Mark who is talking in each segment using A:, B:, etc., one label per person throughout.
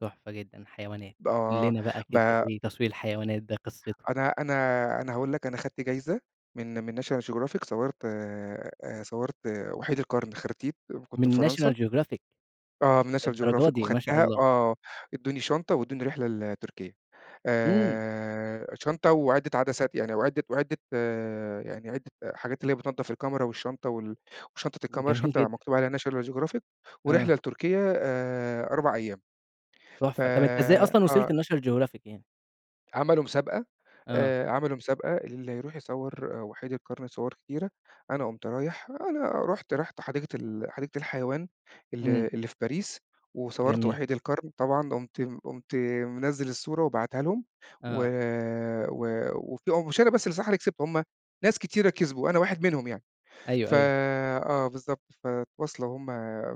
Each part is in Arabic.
A: تحفة جدًا، حيوانات، قُل
B: آه،
A: لنا بقى كده
B: ب
A: إيه تصوير الحيوانات ده، إيه قِصّتُه؟
B: أنا أنا أنا هاقول لك، أنا خَدت جايزة من من National Geographic صوَّرت آآ، صوَّرت وحيد القرن، خرتيت كنت في
A: من
B: فرنسا.
A: National Geographic،
B: آه، من National
A: للدرجة
B: Geographic
A: دي! ما شاء
B: وخدتها،
A: الله.
B: آه، ادّوني شنطة وادّوني رحلة لتركيا،
A: امم.
B: آآ، شنطة وعِدَّة عدسات يعني وعِدّة وعِدّة يعني عِدَّة حاجات اللي هي بِتنضَّف الكاميرا والشّنطة وال وشنطة الكاميرا،
A: جميل
B: شنطة
A: جدًا.
B: مكتوب عليها National Geographic ورحلة
A: آه.
B: لتركيا آآ 4 أيام. ف
A: تحفة، طب أنت إزاي أصلًا وصلت
B: آه.
A: لNational Geographic يعني؟
B: عملوا مسابقة،
A: آه.
B: آآ عملوا مسابقة اللي يروح يصوَّر آآ، وحيد القرن صور كتيرة، أنا قُمت رايح أنا رحُت رحُت حديقة ال حديقة الحيوان، ال
A: امم.
B: اللي في باريس، وصورت
A: جميل.
B: وحيد القرن، طبعًا قُمت قُمت منزل الصورة وباعتها لهُم، و
A: آه.
B: و وفيه مش أنا بس اللي بصراحة كسبت، هُم ناس كتيرة كسبوا، أنا واحد منهم يعني،
A: أيوه،
B: ف
A: أيوه.
B: آه بالضبط، فتواصلوا هُم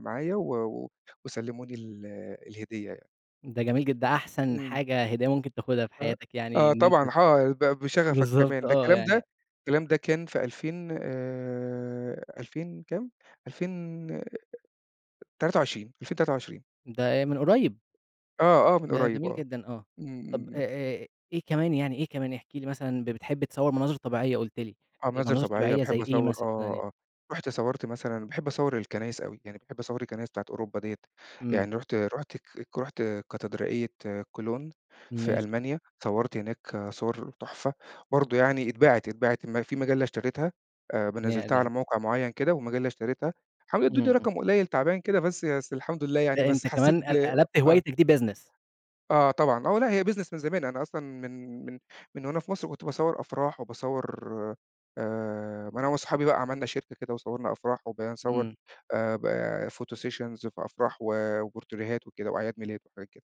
B: معايا و و وسَلَّموني ال الهدية يعني.
A: ده جميل جدًا، ده أحسن
B: امم.
A: حاجة هدية ممكن تاخدها في
B: أ
A: حياتك يعني
B: آه
A: إن أنت
B: طبعًا،
A: ت
B: حا ب بشغفك
A: بالضبط
B: كمان، ده
A: آه،
B: الكلام
A: يعني
B: ده الكلام ده كان في 2000 آآ 2000 كام؟ 2000 23 2023.
A: ده آآ من قريب؟
B: آه، آه، من
A: ده
B: قريب
A: جميل
B: آه،
A: جدًا آه،
B: امم، امم،
A: طب أ
B: امم.
A: أ إيه كمان يعني، إيه كمان احكِ لي مثلًا، ب بتحب تصور مناظر طبيعية قُلت لي،
B: آه، مناظر
A: مناظر
B: طبيعية،
A: طبيعية زي
B: باحب
A: إيه
B: أصور آه،
A: مثلًا يعني؟
B: آه، رُحت صورت مثلًا باحب أصَوَّر الكنايس أوي، يعني باحب أصَوَّر الكنايس بتاعة أوروبا ديّة،
A: امم.
B: يعني رحُت رحُت ك رحُت كاتدرائية كولون في
A: ماشي.
B: ألمانيا، صَوَّرت هناك صور تحفة برضه يعني، اتباعت اتباعت ما في مجلة اشترِتها، آآ م نزّلتها على
A: نهدى.
B: موقع مُعيّن كده، ومجلة اشترِتها، حاولوا
A: امم،
B: يدوني
A: امم.
B: رقم قليل تعبان كده بس بس الحمد لله يعني،
A: ده
B: بس
A: أنت
B: حسّيت
A: كمان
B: ب
A: قل قلبت
B: آه.
A: هوايتك دي Business.
B: آه طبعًا، آه، لأ، هي Business من زمان، أنا أصلًا من من من وأنا في مصر كنت باصَوَّر أفراح وباصَوَّر آآ، ما أنا وصحابي بقى عملنا شركة كده وصوَّرنا أفراح وبقينا نصوَّر،
A: امم.
B: آآ با Photo Sessions في أفراح وبورتريهات وكده، وأعياد ميلاد وحاجات كده.